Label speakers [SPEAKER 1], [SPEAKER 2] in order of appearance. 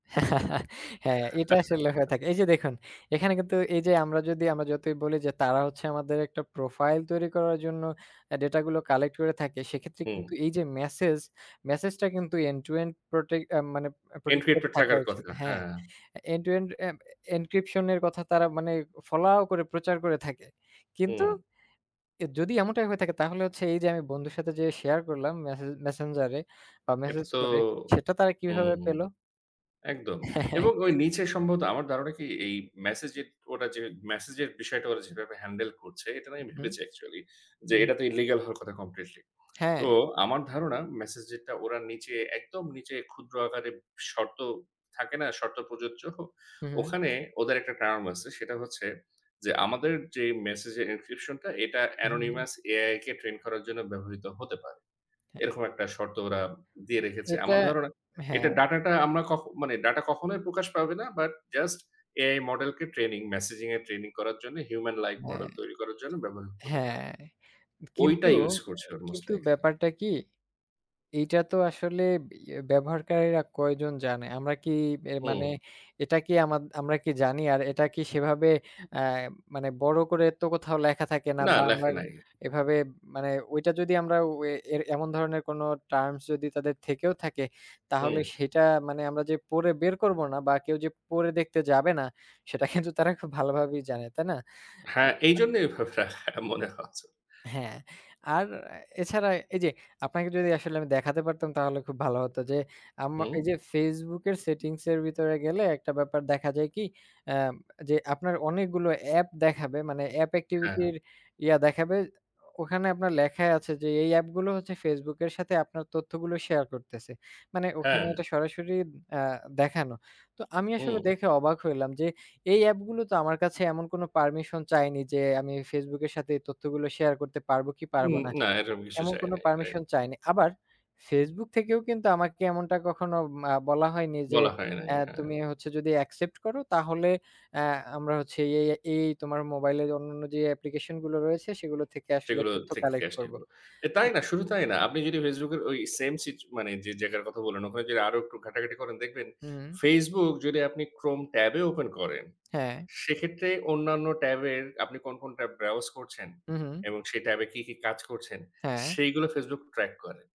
[SPEAKER 1] হ্যাঁ, এইটা আসলে হয়ে থাকে। এই যে দেখুন, এখানে কিন্তু এই যে, আমরা যদি আমরা যতই বলি যে, তারা হচ্ছে আমাদের একটা প্রোফাইল তৈরি করার জন্য এ ডেটাগুলো কালেক্ট করে থাকে, সেক্ষেত্রে
[SPEAKER 2] হুম।
[SPEAKER 1] কিন্তু এই যে মেসেজ, মেসেজটা কিন্তু end-to-end protect এ মানে, আ protected
[SPEAKER 2] encrypted
[SPEAKER 1] থাকা
[SPEAKER 2] থাকার
[SPEAKER 1] উচিত।
[SPEAKER 2] কথা।
[SPEAKER 1] হ্যাঁ?
[SPEAKER 2] হ্যাঁ।
[SPEAKER 1] এ end-to-end a m encryption এর কথা, তারা মানে এ ফলাও করে প্রচার করে থাকে। কিন্তু,
[SPEAKER 2] হুম।
[SPEAKER 1] এ যদি এমনটাই হয়ে থাকে, তাহলে হচ্ছে এই যে আমি বন্ধুর সাথে যে শেয়ার করলাম, মেসেজ Messenger এ বা
[SPEAKER 2] এটা
[SPEAKER 1] মেসেজ
[SPEAKER 2] তো
[SPEAKER 1] করে, সেটা তারা কিভাবে
[SPEAKER 2] হুম।
[SPEAKER 1] পেলো?
[SPEAKER 2] একদম। এবং ওই নিচে সম্ভবত, আমার ধারণা কি? এই মেসেজে ওরা যে, মেসেজের বিষয়টা ওরা যেভাবে হ্যান্ডেল করছে, এটা না আমি
[SPEAKER 1] হু,
[SPEAKER 2] ভেবেছি অ্যাকচুয়ালি। যে
[SPEAKER 1] হুম।
[SPEAKER 2] এটা তো ইল্লিগ্যাল হওয়ার কথা কমপ্লিটলি। তো,
[SPEAKER 1] হ্যাঁ।
[SPEAKER 2] আমার ধারণা, মেসেজেরটা ওরা নিচে একদম নিচে, ক্ষুদ্র আকারে শর্ত থাকে না, শর্ত প্রযোজ্য?
[SPEAKER 1] হু, হু।
[SPEAKER 2] ওখানে ওদের একটা টার্ম আছে, সেটা হচ্ছে যে, আমাদের যে মেসেজ এর encryption টা এটা
[SPEAKER 1] হু, হু।
[SPEAKER 2] anonymous AI কে ট্রেইন করার জন্য ব্যবহৃত হতে পারে।
[SPEAKER 1] হ্যাঁ।
[SPEAKER 2] এরকম একটা শর্ত ওরা দিয়ে রেখেছে।
[SPEAKER 1] এটা,
[SPEAKER 2] আমার ধারণা
[SPEAKER 1] হ্যাঁ।
[SPEAKER 2] এটা ডাটাটা আমরা কখ মানে, ডাটা কখনোই প্রকাশ পাবে না। বাট, just AI model কে ট্রেনিং মেসেজিং এর ট্রেনিং করার জন্য human like
[SPEAKER 1] হ্যাঁ,
[SPEAKER 2] model তৈরি করার জন্য, ব্যবহার হতে পারে।
[SPEAKER 1] হ্যাঁ। কিন্তু,
[SPEAKER 2] ঐটা ইঊজ
[SPEAKER 1] এ
[SPEAKER 2] করছে
[SPEAKER 1] এ
[SPEAKER 2] ওরা most
[SPEAKER 1] কিন্তু
[SPEAKER 2] likely।
[SPEAKER 1] ব্যাপারটা কি? এইটা তো আসলে, ইয়ে ব্যবহারকারীরা কয়জন জানে? আমরা কি এ মানে,
[SPEAKER 2] হুম।
[SPEAKER 1] এটা কি আমাদ আমরা কি জানি? আর এটা কি সেভাবে এ মানে বড় করে তো কোথাও লেখা থাকে না,
[SPEAKER 2] না,
[SPEAKER 1] বা আমরা
[SPEAKER 2] লেখে নাই।
[SPEAKER 1] এভাবে মানে, ওইটা যদি আমরা ও এ এমন ধরনের কোন টার্মস যদি তাদের থেকেও থাকে, তাহলে
[SPEAKER 2] হুম।
[SPEAKER 1] সেটা মানে আমরা যে পড়ে বের করবো না, বা কেউ যে পড়ে দেখতে যাবে না, সেটা কিন্তু তারা খুব ভালোভাবেই জানে। তাই না?
[SPEAKER 2] হ্যাঁ,
[SPEAKER 1] আচ্ছা
[SPEAKER 2] এইজন্যই ঐভাবে লেখাটা মনে হচ্ছে।
[SPEAKER 1] হ্যাঁ, আর এ এছাড়া, এই যে, আপনাকে যদি আসলে আমি দেখাতে পারতাম, তাহলে খুব ভালো হতো যে, আম আ
[SPEAKER 2] হুম।
[SPEAKER 1] এই যে Facebook এর সেটিংস এর ভিতরে গেলে, একটা ব্যাপার দেখা যায় কি, এ ম যে আপনার অনেকগুলো অ্যাপ দেখাবে মানে অ্যাপ
[SPEAKER 2] হ্যাঁ।
[SPEAKER 1] এক্টিভিটির ইয়া দেখাবে, ও ওখানে আপনার লেখাই আছে যে, এই অ্যাপগুলো হচ্ছে Facebook এর সাথে আপনার তথ্যগুলো শেয়ার করতেছে। মানে, ওখানে
[SPEAKER 2] হ্যাঁ।
[SPEAKER 1] এটা সরাসরি আ দেখানো। তো, আমি আসলে
[SPEAKER 2] হুম।
[SPEAKER 1] দেখে অবাক হইলাম যে, এই অ্যাপগুলো তো আমার কাছে এমন কোনো পারমিশন চায়নি যে, আমি Facebook এর সাথে এই তথ্যগুলো শেয়ার করতে পারবো, কি পারব
[SPEAKER 2] হুম।
[SPEAKER 1] না।
[SPEAKER 2] না, এরকম কিছু
[SPEAKER 1] এমন
[SPEAKER 2] চায়
[SPEAKER 1] কোন
[SPEAKER 2] নাই। রাইট।
[SPEAKER 1] পারমিশন চায়নি। আবার, Facebook থেকেও কিন্তু আমাকে এমনটা কখনো উম আ বলা হয়নি যে,
[SPEAKER 2] বলা হয় নাই।
[SPEAKER 1] এ
[SPEAKER 2] হ্যাঁ।
[SPEAKER 1] "তুমি হচ্ছো যদি অ্যাকসেপ্ট করো, তাহলে এ আমরা হচ্ছি এ এই, এ এই তোমার মোবাইলের অন্যান্য যে অ্যাপ্লিকেশন গুলো রয়েছে, সেগুলো থেকে আসলে
[SPEAKER 2] সেগুলো
[SPEAKER 1] তথ্য
[SPEAKER 2] থেকে
[SPEAKER 1] কালেক্ট করব।"
[SPEAKER 2] আসছিলো। এ তাই
[SPEAKER 1] উ
[SPEAKER 2] না, শুধু তাই না, আপনি যদি Facebook এর ওই সেইম সিচ মানে, যে জায়গার কথা বললেন, ওখানে যদি আরো একটু ঘাটাঘাটি করেন দেখবেন,
[SPEAKER 1] হুম।
[SPEAKER 2] Facebook যদি আপনি Chrome ট্যাবে ওপেন করেন,
[SPEAKER 1] হ্যাঁ।
[SPEAKER 2] সেক্ষেত্রে অন্যান্য ট্যাবের আপনি কোন, কোন tab browse করছেন
[SPEAKER 1] হুম, হুম।
[SPEAKER 2] এবং সেই ট্যাবে কি, কি কাজ করছেন,
[SPEAKER 1] হ্যাঁ।
[SPEAKER 2] সেইগুলো Facebook ট্র্যাক করে।